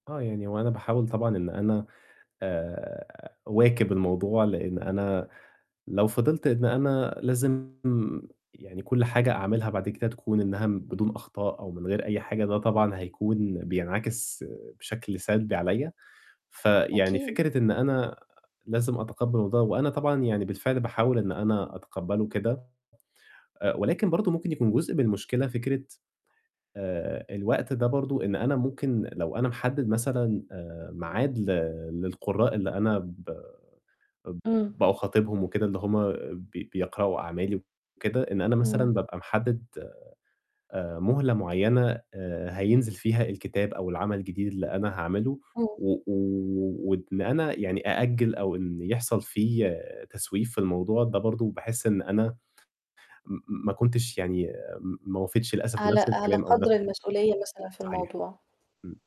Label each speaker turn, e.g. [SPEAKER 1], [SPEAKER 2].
[SPEAKER 1] آه، يعني هو أنا باحاول طبعًا إن أنا آآ، أواكب الموضوع، لإن أنا لو فضلت إن أنا لازم يعني كُلّ حاجة أعملها بعد كده تكون إنها بدون أخطاء، أو من غير أي حاجة ده طبعًا هيكون بينعكس بشكل سلبي عليَّ، فيعني
[SPEAKER 2] أكيد.
[SPEAKER 1] فكرة إن أنا لازم أتقبّل ده، وأنا طبعًا يعني بالفعل باحاول إن أنا أتقبّله كده. آآ، ولكن برضه ممكن يكون جزء من المشكلة فكرة، آآ، الوقت ده برضه إن أنا ممكن لو أنا محدِّد مثلًا آآ، ميعاد ل للقُرّاء اللي أنا ب اب
[SPEAKER 2] إمم
[SPEAKER 1] باخاطبهم وكده، اللي هم بي بيقرأوا أعمالي وكده، إن أنا
[SPEAKER 2] امم
[SPEAKER 1] مثلًا بابقى محدِّد آآ، مهلة معيّنة آآ، هينزل فيها الكتاب أو العمل الجديد اللي أنا هاعملُه،
[SPEAKER 2] إمم.
[SPEAKER 1] و و وإن أنا يعني أأجِّل أو إن يحصل في تسويف في الموضوع، ده برضه باحِس إن أنا، م ما كنتش يعني ما وفيتش للأسف
[SPEAKER 2] على
[SPEAKER 1] بنفس
[SPEAKER 2] على
[SPEAKER 1] الكلام أو
[SPEAKER 2] قدر
[SPEAKER 1] بنفس
[SPEAKER 2] المسؤولية مثلًا في
[SPEAKER 1] صحيح،
[SPEAKER 2] الموضوع.
[SPEAKER 1] إمم.